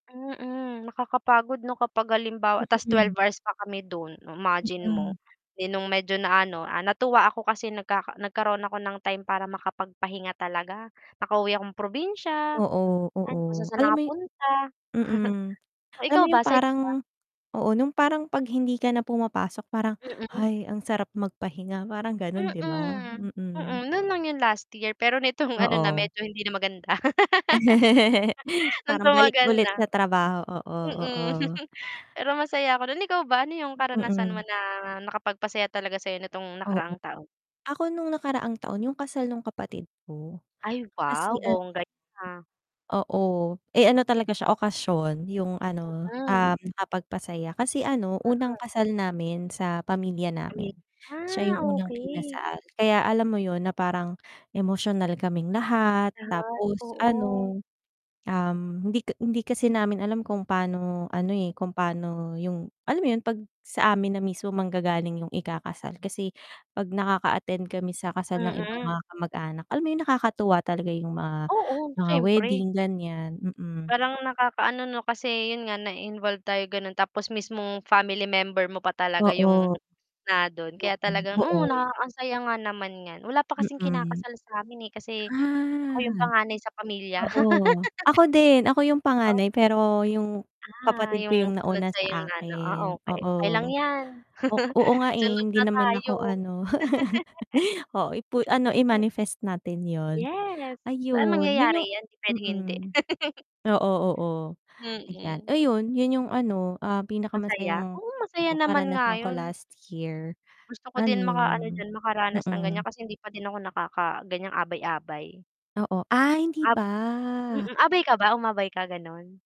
Mm, nakakapagod 'no kapag halimbawa, tas twelve Mm. hours pa kami dun, o imagine mo. Mm. 'Di nung medyo na ano, ah, natuwa ako kasi nagka nagkaroon ako ng time para makapagpahinga talaga. Nakauwi akong probinsya, Oo. ay Oo kung saan-saan alam napunta. mo yun mm, O alam mo ikaw yung ba sa'yo parang ba? oo. Nung parang pag hindi ka na pumapasok parang, Mm. "Hay, ang sarap magpahinga." parang ganun 'di ba? Mm, Mm. mm, nun lang yung last year, pero nitong ano na Oo. medyo hindi na maganda. Nung Parang balik tumagal ulit na, sa trabaho, oo, mm. oo. Pero masaya nun, ikaw ba ano yung karanasan mo Mm. na nakapagpasaya talaga sayo nitong Oo, nakaraang taon? ako nung nakaraang taon yung kasal nung kapatid ko Ay, kasi wow! ano Bongga yun, ah Oo. Eh, ano talaga siya okasyon yung ano, Mm. um, nakakapagpasaya. Kasi ano, unang Mm. kasal namin sa pamilya namin- [unintelligible] siya yung Ah, unang okey. kinasal. Kaya alam mo yun na parang emosyonal kaming lahat Lahat, tapos oo. ano, um, hindi hindi kasi namin alam kung paano ano, eh, kung pano yung alam mo yun 'pag sa amin na mismo manggagaling yung ikakasal. Kasi 'pag nakaka-attend kami sa kasal ng ibang Mm. mga kamag-anak, alam mo yun nakakatuwa talaga yung mga Oo, mga syempre. wedding ganyan, mm. Parang nakakaano 'no kasi yun nga na-involve tayo ganon. Tapos mismong family member mo pa talaga Oo. yung na dun, Yung kaya talagang oo. oo naka ansaya nga naman nyan. Wala pa kasing Mm. kinakasal samin, eh, kasi ako Ah. yung panganay sa pamilya. Oo, ako din ako yung O panganay pero yung Ah, kapatid ko yung yung sunod nauna sayong sa ano, ah, akin, okay. Okay lang oo. yan, O oo nga, eh, sunod hindi na naman tayo. ako ano oo ipu ano Mm. i-manifest natin yun. Yes, pero Ayun, yun yung mangyayari yan hindi pwedeng mm, hindi. oo, oo. Ayan, Mm. ayun yun yung ano, ah, Masaya, pinakamasayang oo masaya oo naman nga karanasan ko yun. last year. Gusto ko din makaano Ano diyan makaranas ng ganyan mm. kasi hindi pa din ako nakaka ganyang abay-abay. Oo ah, hindi Ab pa. mm, abay ka ba, umabay ka ganun?